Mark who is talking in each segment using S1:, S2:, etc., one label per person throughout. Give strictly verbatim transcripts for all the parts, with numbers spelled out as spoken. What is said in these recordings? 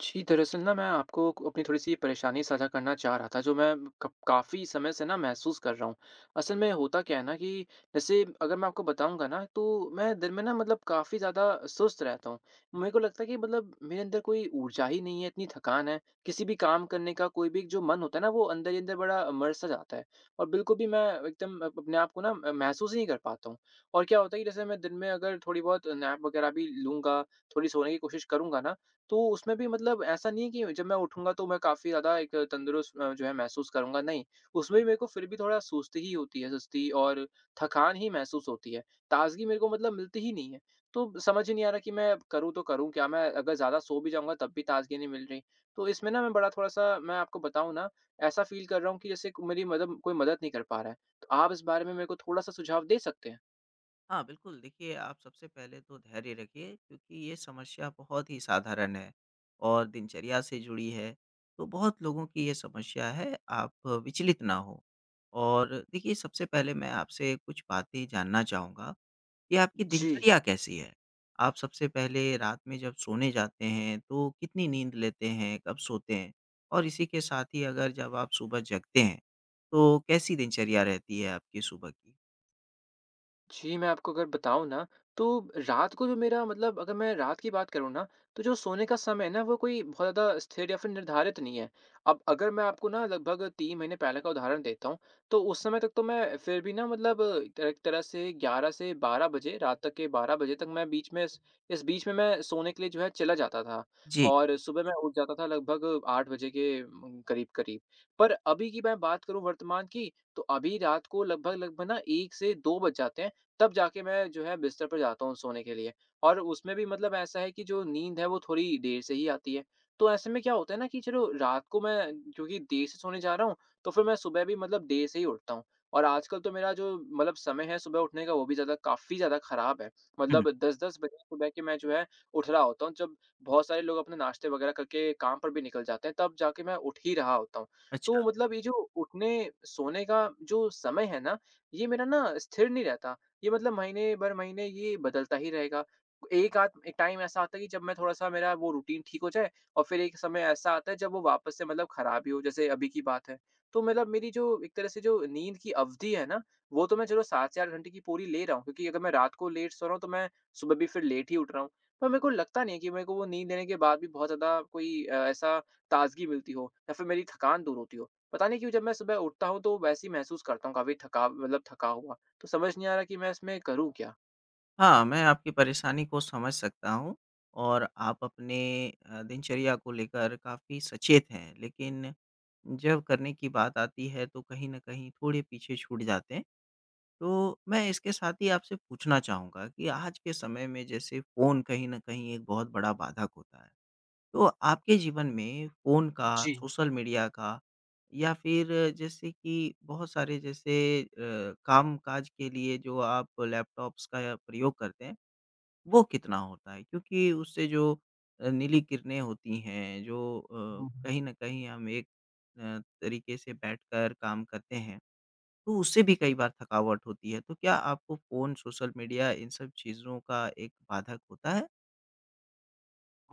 S1: जी, दरअसल ना मैं आपको क अपनी थोड़ी-सी परेशानी साझा करना चाह रहा था जो मैं कप काफ़ी समय से ना महसूस कर रहा हूँ। असल में होता क्या है ना कि, जैसे अगर मैं आपको बताऊँगा ना तो मैं दिन में ना मतलब काफ़ी ज़्यादा सुस्त रहता हूँ,
S2: अ
S1: मेरे को लगता है कि मतलब मेरे अंदर कोई ऊर्जा ही नहीं है, इतनी थकान है, किसी भी काम करने का कोई भी एक जो मन होता है ना वो अंदर ही अंदर बड़ा मर-सा जाता है, और बिल्कुल भी मैं एकदम अपने आप को ना महसूस ही नहीं कर पाता हूँ। और क्या होता है कि जैसे मैं दिन में अगर थोड़ी बहुत नैप वग़ैरह भी लूँगा, थोड़ी सोने की कोशिश करूँगा ना, तो उसमें भी मतलब ऐसा नहीं है कि जब मैं उठूँगा तो मैं काफ़ी ज़्यादा एक तंदुरुस्त जो है महसूस करूँगा, नहीं, उसमें
S2: जी।
S1: भी मेरे को फिर भी थोड़ा सुस्ती ही होती है सुस्ती और थकान ही महसूस होती है। ताज़गी मेरे को मतलब मिलती ही नहीं है, तो समझ ही नहीं आ रहा कि मैं करूँ तो करूँ क्या? मैं अगर ज़्यादा सो भी जाऊँगा तब भी ताज़गी नहीं मिल रही। तो इसमें ना मैं बड़ा थोड़ा-सा मैं आपको बताऊँ ना ऐसा फ़ील कर रहा हूँ कि जैसे क मेरी मतलब कोई मदद नहीं कर पा रहा है, तो आप इस बारे में मेरे को थोड़ा-सा सुझाव दे सकते हैं।
S2: हाँ, बिल्कुल देखिए आप सबसे पहले तो धैर्य रखिए क्योंकि ये समस्या बहुत ही साधारण है और दिनचर्या से जुड़ी है, तो बहुत लोगों की ये समस्या है आप विचलित ना हों। और देखिए, सबसे पहले मैं आपसे कुछ बातें जानना चाहूँगा, कि आपकी
S1: जी।
S2: दिनचर्या कैसी है? आप सबसे पहले रात में जब सोने जाते हैं तो कितनी नींद लेते हैं, कब सोते हैं? और इसी के साथ ही अगर जब आप सुबह जगते हैं, तो कैसी दिनचर्या रहती है आपकी सुबह की?
S1: जी, मैं आपको अगर बताऊँ ना तो रात को जो मेरा मतलब अगर मैं रात की बात करूँ, ना तो जो सोने का समय है ना वो कोई बहुत ज़्यादा स्थिर या फ़िर निर्धारित नहीं है। अब अगर मैं आपको ना लगभग तीन महीने पहले का उदाहरण देता हूँ तो उस समय तक तो मैं फ़िर भी ना मतलब त एक तरह से ग्यारह से बारह बजे रात तक के बारह बजे तक मैं बीच में स इस बीच में मैं सोने के लिए जो है चला जाता था
S2: जी।
S1: और सुबह मैं उठ जाता था लगभग आठ बजे के उम उम, करीब-करीब। पर अभी की मैं बात करूँ वर्तमान की तो अभी रात को लगभग-लगभग ना एक से दो बज जाते हैं, तब जाके मैं जो है बिस्तर पे जाता हूँ सोने के लिए। और उसमें भी मतलब ऐसा है कि जो नींद है वो थोड़ी देर से ही आती है। तो ऐसे में क्या होता है ना कि चलो रात को मैं चूँकि देर से सोने जा रहा हूँ तो फ़िर मैं सुबह भी मतलब देर से ही उठता हूँ। और आजकल तो मेरा जो मतलब समय है सुबह उठने का वो भी ज़्यादा काफ़ी ज़्यादा ख़राब है।
S2: हुँ।
S1: मतलब दस दस बजे सुबह के मैं जो है उठ रहा होता हूँ जब बहुत सारे लोग अपने नाश्ते वग़ैरह करके काम पर भी निकल जाते हैं तब जाके मैं उठ ही रहा होता हूँ। तो
S2: अच्छा।
S1: मतलब ये जो उठने सोने का जो समय है ना, ये मेरा ना स्थिर नहीं रहता। ये मतलब महीने भर महीने ये बदलता ही रहेगा। एक-आध एक टाइम ऐसा आता है कि जब मैं थोड़ा-सा मेरा वो रूटीन ठीक हो जाए और फ़िर एक समय ऐसा आता है जब वो वापस मतलब ख़राब ही हो जैसे अभी की बात है। तो मतलब मेरी जो एक तरह से जो नींद की अवधि है ना, वो तो मैं चलो सात से आठ घंटे की पूरी ले रहा हूँ क्योंकि अगर मैं रात को लेट सो रहा हूँ तो मैं सुबह भी फ़िर लेट ही उठ रहा हूँ। पर मेरे को लगता नहीं है कि मेरे को नींद लेने के बाद भी बहुत ज़्यादा कोई अ, ऐसा ताज़गी मिलती हो या फ़िर मेरी थकान दूर होती हो। पता नहीं क्यों जब मैं सुबह उठता हूँ तो वैसे ही महसूस करता हूँ काफ़ी थका मतलब थका हुआ। तो समझ नहीं आ रहा कि मैं इसमें करूँ क्या?
S2: हाँ मैं आपकी परेशानी को समझ सकता हूँ और आप अपने अ, दिनचर्या को लेकर काफ़ी सचेत हैं लेकिन जब करने की बात आती है तो कहीं न कहीं थोड़े पीछे छूट जाते हैं। तो मैं इसके साथ ही आपसे पूछना चाहूँगा कि आज के समय में जैसे फ़ोन कहीं न कहीं एक बहुत बड़ा बाधक होता है। तो आपके जीवन में फ़ोन का,
S1: जी।
S2: सोशल मीडिया का या फिर जैसे कि बहुत सारे जैसे अ, कामकाज के लिए जो आप लैपटॉप्स का प्रयोग करते हैं वो कितना होता है? क्योंकि उससे जो अ, नीली किरणें होती हैं जो अ,
S1: हुँ, हुँ।
S2: कहीं न कहीं हम एक अ, तरीके से बैठकर काम करते हैं, तो उससे भी कई बार थकावट होती है तो क्या आपको फ़ोन, सोशल मीडिया इन सब चीज़ों का एक बाधक होता है?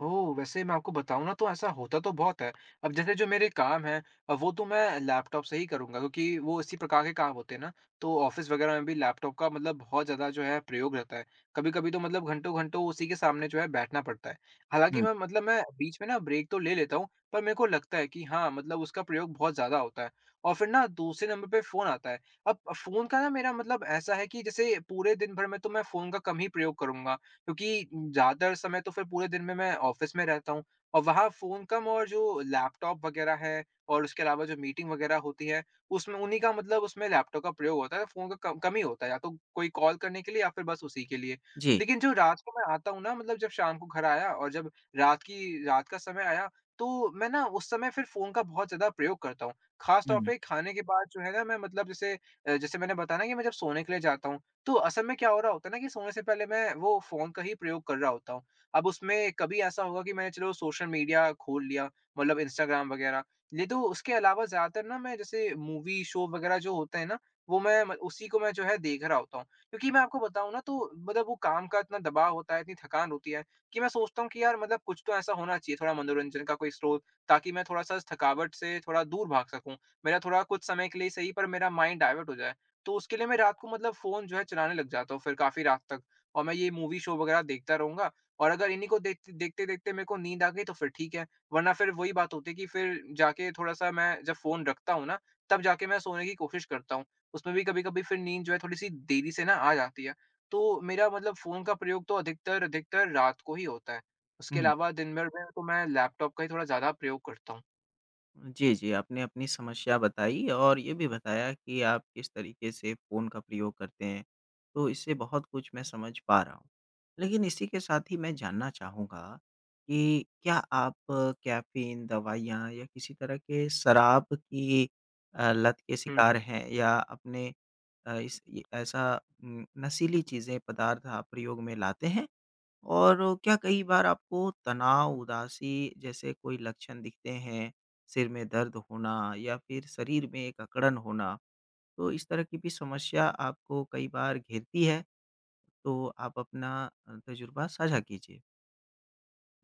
S1: ओह! वैसे मैं आपको बताऊँ न तो ऐसा होता तो बहुत है। अब जैसे जो मेरे काम हैं वो तो मैं लैपटॉप से ही करूँगा क्योंकि वो इसी प्रकार के काम होते हैं ना, तो ऑफ़िस वग़ैरह में भी लैपटॉप का मतलब बहुत ज़्यादा जो है प्रयोग रहता है। कभी-कभी तो मतलब घंटो-घंटों उसी के सामने जो है बैठना पड़ता है। हालाँकि
S2: हुँ।
S1: मैं मतलब मैं बीच में ना ब्रेक तो ले लेता हूँ पर मेरे को लगता है कि हाँ मतलब उसका प्रयोग बहुत ज़्यादा होता है और फिर ना दूसरे नंबर पे फ़ोन आता है। अब फ़ोन का ना मेरा मतलब ऐसा है कि जैसे पूरे दिन भर में तो मैं फ़ोन का कम ही प्रयोग करूँगा क्योंकि ज्यादातर समय तो फिर पूरे दिन में मैं ऑफ़िस में रहता हूँ। और वहाँ फ़ोन कम और जो लैपटॉप वग़ैरह है और उसके अलावा जो मीटिंग वग़ैरह होती हैं, उसमें उन्ही का मतलब उसमें लैपटॉप का प्रयोग होता है, फ़ोन का कम कम ही होता है, या तो कोई कॉल करने के लिए या फिर बस उसी के लिए।
S2: जी।
S1: लेकिन जो रास्ते मैं आता हूँ ना मतलब जब शाम को घर आया और जब रात की रात का समय आया तो मैं ना उस समय फिर फ़ोन का बहुत ज़्यादा प्रयोग करता हूँ। ख़ास
S2: हुँ,
S1: तौर
S2: हुँ।
S1: पे खाने के बाद जो है ना, मैं मतलब जैसे अ, जैसे मैंने बताया ना कि मैं जब सोने के लिए जाता हूँ तो असल में क्या हो रहा होता है ना कि सोने से पहले मैं वो फ़ोन का ही प्रयोग कर रहा होता हूँ। अब उसमें कभी ऐसा होगा कि मैंने चलो सोशल मीडिया खोल लिया मतलब इंस्टाग्राम वग़ैरह, नहीं तो उसके अलावा ज़्यादातर ना मैं जैसे मूवी शो वग़ैरह जो होते हैं न, वो मैं उसी को मैं जो है देख रहा होता हूँ। क्योंकि मैं आपको बताऊँ ना वो देखो काम का इतना दबाव होता है, इतनी थकान होती है कि मैं सोचता हूँ कि यार मतलब कुछ तो ऐसा होना चाहिए थोड़ा मनोरंजन का कोई स्रोत ताकि मैं थोड़ा-सा इस थकावट से थोड़ा दूर भाग सकूँ। मेरा थोड़ा कुछ समय के लिए सही पर मेरा माइंड डायवर्ट हो जाए। तो उसके लिए मैं रात को मतलब फ़ोन जो है चलाने लग जाता हूँ फिर काफ़ी रात तक और मैं ये मूवी शो वग़ैरह देखता रहूँगा। और अगर इन्ही को देखते देखते-देखते मेरे को नींद आ गयी तो फिर ठीक है। वरना फिर वही बात होती है कि फिर जाके थोड़ा-सा मैं जब फ़ोन रखता हूँ ना तब जाके मैं सोने की कोशिश करता हूँ। उसमें भी कभी-कभी नींद जो है थोड़ी-सी देरी से ना आ जाती है। तो मेरा मतलब फ़ोन का प्रयोग तो अधिकतर-अधिकतर रात को ही होता है। उसके
S2: हुँ।
S1: अलावा दिन भर दिन तो मैं लैपटॉप का ही थोड़ा ज़्यादा प्रयोग करता हूँ।
S2: जी, जी आपने अपनी समस्या बताई और ये भी बताया कि आप किस तरीके से फ़ोन का प्रयोग करते हैं। तो इससे बहुत कुछ मैं समझ पा रहा हूँ। लेकिन इसी के साथ ही मैं जानना चाहूँगा कि क्या आप कैफ़ीन, दवाइयाँ या किसी तरह के शराब की अ, लत के
S1: हूँ।
S2: शिकार हैं या आपने अ, इसकी ऐसा उम, नशीली चीज़ें, पदार्थ आप प्रयोग में लाते हैं? और क्या कई बार आपको तनाव, उदासी जैसे कोई लक्षण दिखते हैं? सिर में दर्द होना या फिर शरीर में एक अकड़न होना, तो इस तरह की भी समस्या आपको कई बार घेरती है? तो आप अपना अ, तज़ुर्बा साझा कीजिए।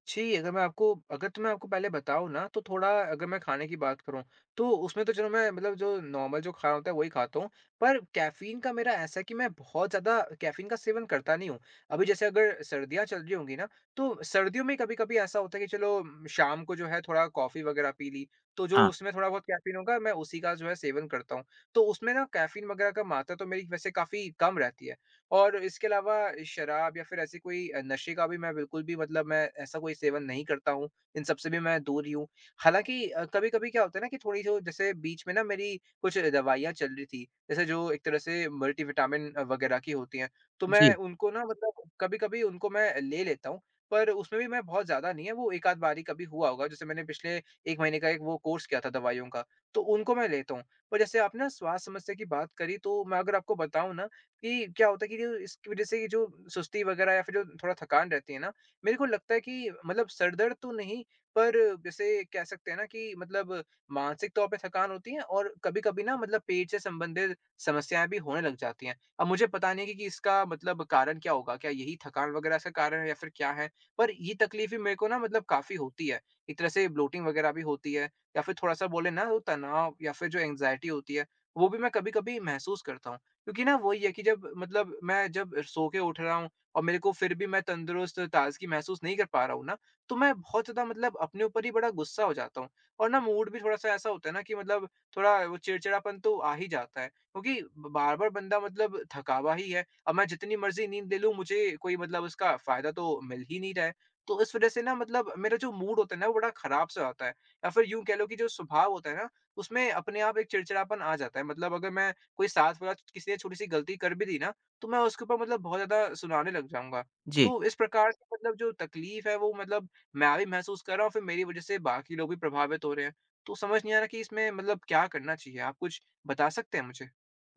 S1: छी, अगर मैं आपको अगर तो मैं आपको पहले बताऊँ ना तो थोड़ा अगर मैं खाने की बात करूँ तो उसमें तो चलो मैं मतलब जो नॉर्मल जो खाना होता है वही खाता हूँ पर कैफ़ीन का मेरा ऐसा है कि मैं बहुत ज़्यादा कैफ़ीन का सेवन करता नहीं हूँ। अभी जैसे अगर सर्दियाँ चल रही होंगी ना तो सर्दियों में कभी-कभी ऐसा होता है कि चलो शाम को जो है थोड़ा कॉफी वग़ैरह पी ली। तो जो
S2: हाँ।
S1: उसमें थोड़ा बहुत कैफ़ीन होगा मैं उसी का जो है सेवन करता हूँ। तो उसमें ना कैफ़ीन वग़ैरह का मात्रा तो मेरी वैसे काफ़ी कम रहती है। और इसके अलावा शराब या फिर ऐसे कोई अ, नशे का भी मैं बिल्कुल भी मतलब मैं ऐसा कोई सेवन नहीं करता हूँ। इन सब से भी मैं दूर ही हूँ। हालाँकि अ, कभी-कभी क्या होता है ना कि थोड़ी जो जैसे बीच में ना मेरी कुछ दवाइयाँ चल रही थीं। जैसे जो एक तरह से मल्टी विटामिन अ, वग़ैरह की होती हैं तो मैं
S2: जी।
S1: उनको ना मतलब कभी-कभी उनको मैं ले लेता हूँ। पर उसमें भी मैं बहुत ज़्यादा नहीं है वो एक-आध बारी कभी हुआ होगा। जैसे मैंने पिछले एक महीने का एक वो कोर्स किया था दवाइयों का तो उनको मैं लेता हूँ। और जैसे आपने स्वास्थ्य समस्या की बात करी तो मैं अगर आपको बताऊँ ना कि क्या होता है कि जो इसकी वज़ह से ये जो सुस्ती वग़ैरह या फिर जो थोड़ा थकान रहती है ना, मेरे को लगता है कि मतलब सर दर्द तो नहीं पर जैसे कह सकते हैं ना कि मतलब मानसिक तौर पे थकान होती है और कभी-कभी ना मतलब पेट से संबंधित समस्याएँ भी होने लग जाती हैं। अब मुझे पता नहीं कि कि इसका मतलब कारण क्या होगा, क्या यही थकान वग़ैरह का कारण है या फिर क्या है? पर ये तकलीफ़ें मेरे को ना मतलब काफ़ी होती है। एक तरह से ब्लोटिंग वग़ैरह भी होती है या फिर थोड़ा-सा बोले ना वो तनाव या फिर जो एंजाइटी होती है वो भी मैं कभी-कभी महसूस करता हूँ। क्योंकि ना वो ही है कि जब मतलब मैं जब सो के उठ रहा हूँ और मेरे को फिर भी मैं तंदुरुस्त और ताज़गी महसूस नहीं कर पा रहा हूँ ना तो मैं बहुत ज़्यादा मतलब अपने ऊपर ही बड़ा गुस्सा हो जाता हूँ और ना मूड भी थोड़ा-सा ऐसा होता है ना कि मतलब थोड़ा वो चिड़चिड़ापन तो आ ही जाता है। क्योंकि बार-बार बंदा मतलब थकावा ही है। अब मैं जितनी मर्ज़ी नींद ले लूँ मुझे, कोई मतलब उसका फ़ायदा तो मिल ही नहीं रहा है। तो इस वज़ह से ना मतलब मेरा जो मूड होता है ना वो बड़ा खराब-सा होता है या फिर यूँ कह लो कि जो स्वभाव होता है ना उसमें अपने आप एक चिड़चिड़ापन आ जाता है। मतलब अगर मैं कोई साथ वाला किसी ने छोटी-सी गलती कर भी दी ना तो मैं उसके ऊपर मतलब बहुत ज़्यादा सुनाने लग जाऊँगा।
S2: जी।
S1: तो इस प्रकार से मतलब जो तकलीफ़ है वो मतलब मैं भी महसूस कर रहा हूँ फिर मेरी वज़ह से बाकी लोग भी प्रभावित हो रहे हैं। तो समझ नहीं आ रहा कि इसमें मतलब क्या करना चाहिए? आप कुछ बता सकते हैं मुझे?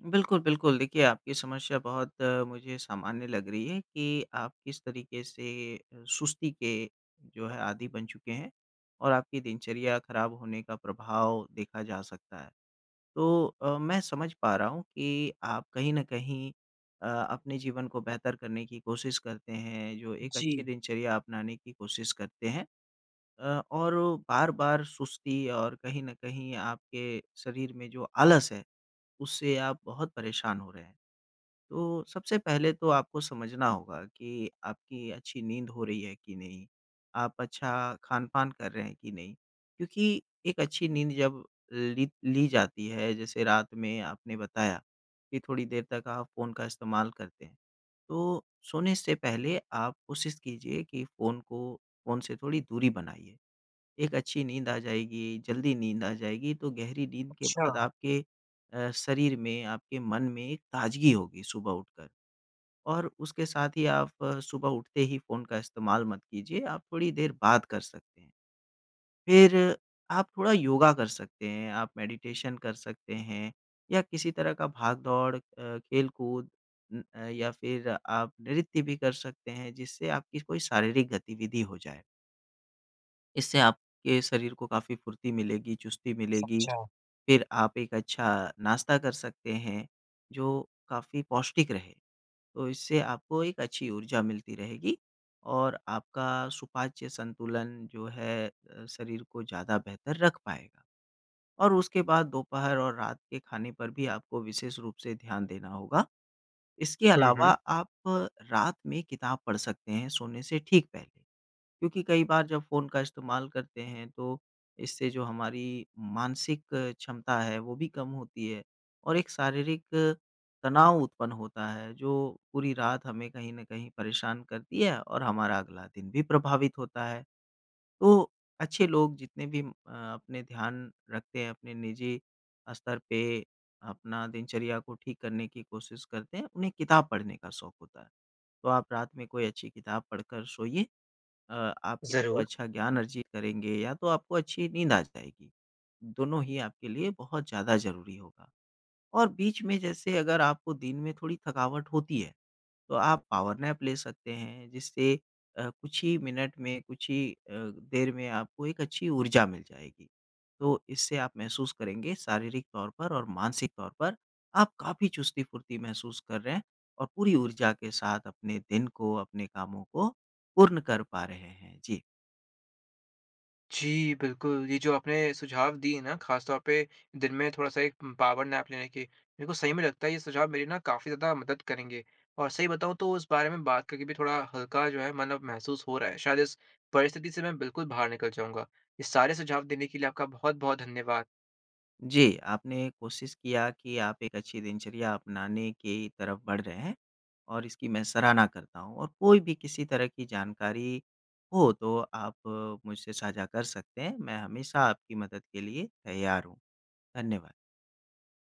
S2: बिल्कुल, बिल्कुल देखिए आपकी समस्या बहुत मुझे सामान्य लग रही है कि आप किस तरीके से सुस्ती के जो है आदि बन चुके हैं और आपकी दिनचर्या खराब होने का प्रभाव देखा जा सकता है। तो अ, मैं समझ पा रहा हूँ कि आप कहीं न कहीं अ, अपने जीवन को बेहतर करने की कोशिश करते हैं, जो एक अच्छी
S1: जी।
S2: दिनचर्या अपनाने की कोशिश करते हैं अ, और बार-बार सुस्ती और कहीं न कहीं आपके शरीर में जो आलस है उससे आप बहुत परेशान हो रहे हैं। तो सबसे पहले तो आपको समझना होगा कि आपकी अच्छी नींद हो रही है कि नहीं? आप अच्छा खान-पान कर रहे हैं कि नहीं? क्योंकि एक अच्छी नींद जब ली ली जाती है, जैसे रात में आपने बताया कि थोड़ी देर तक आप फ़ोन का इस्तेमाल करते हैं। तो सोने से पहले आप कोशिश कीजिए कि फ़ोन को फ़ोन से थोड़ी दूरी बनाइए। एक अच्छी नींद आ जाएगी, जल्दी नींद आ जाएगी तो गहरी नींद के बाद
S1: अच्छा।
S2: आपके अ, शरीर में, आपके मन में एक ताज़गी होगी सुबह उठकर। और उसके साथ ही आप सुबह उठते ही फ़ोन का इस्तेमाल मत कीजिए, आप थोड़ी देर बात कर सकते हैं। फिर आप थोड़ा योगा कर सकते हैं, आप मेडिटेशन कर सकते हैं या किसी तरह का भाग-दौड़ अ, खेल-कूद उम, या फिर आप नृत्य भी कर सकते हैं जिससे आपकी कोई शारीरिक गतिविधि हो जाए। इससे आपके शरीर को काफ़ी फ़ुर्ती मिलेगी, चुस्ती मिलेगी।
S1: समझा।
S2: फ़िर आप एक अच्छा नाश्ता कर सकते हैं जो काफ़ी पौष्टिक रहे। तो इससे आपको एक अच्छी ऊर्जा मिलती रहेगी और आपका सुपाच्य संतुलन जो है शरीर को ज़्यादा बेहतर रख पाएगा। और उसके बाद दोपहर और रात के खाने पर भी आपको विशेष रूप से ध्यान देना होगा। इसके
S1: हुँ,
S2: अलावा
S1: हुँ।
S2: आप रात में किताब पढ़ सकते हैं सोने से ठीक पहले। क्योंकि कई बार जब फ़ोन का इस्तेमाल करते हैं तो इससे जो हमारी मानसिक क्षमता है वो भी कम होती है और एक शारीरिक तनाव उत्पन्न होता है जो पूरी रात हमें कहीं न कहीं परेशान करती है और हमारा अगला दिन भी प्रभावित होता है। तो अच्छे लोग जितने भी अ अपने ध्यान रखते हैं अपने निजी अ, स्तर पे अपना दिनचर्या को ठीक करने की कोशिश करते हैं उन्हें किताब पढ़ने का शौक होता है। तो आप रात में कोई अच्छी किताब पढ़कर सोइए। अ आप या तो
S1: ज़रूर।
S2: अच्छा ज्ञान अर्जित करेंगे, या तो आपको अच्छी नींद आ जाएगी। दोनों ही आपके लिए बहुत ज़्यादा ज़रूरी होगा। और बीच में जैसे अगर आपको दिन में थोड़ी थकावट होती है तो आप पावर नैप ले सकते हैं जिससे अ, कुछ ही मिनट में कुछ ही अ, देर में आपको एक अच्छी ऊर्जा मिल जाएगी। तो इससे आप महसूस करेंगे शारीरिक तौर पर और मानसिक तौर पर आप काफ़ी चुस्ती-फ़ुर्ती महसूस कर रहे हैं और पूरी ऊर्जा के साथ अपने दिन को अपने कामों को पूर्ण कर पा रहे हैं। जी।
S1: जी, बिल्कुल। ये जो आपने सुझाव दिए ना ख़ास तौर पे दिन में थोड़ा-सा एक पावर नैप लेने के। मेरे को सही में लगता है ये सुझाव मेरी ना काफ़ी ज़्यादा मदद करेंगे। और सही बताऊँ तो उस बारे में बात करके भी थोड़ा हल्का जो है मतलब महसूस हो रहा है शायद इस परिस्थिति से मैं बिल्कुल बाहर निकल जाऊँगा। ये सारे सुझाव देने के लिए आपका बहुत-बहुत धन्यवाद।
S2: जी, आपने कोशिश किया कि आप एक अच्छी दिनचर्या अपनाने की तरफ़ बढ़ रहे हैं और इसकी मैं सराहना करता हूँ। और कोई भी किसी तरह की जानकारी हो तो आप मुझसे साझा कर सकते हैं। मैं हमेशा आपकी मदद के लिए तैयार हूँ। धन्यवाद।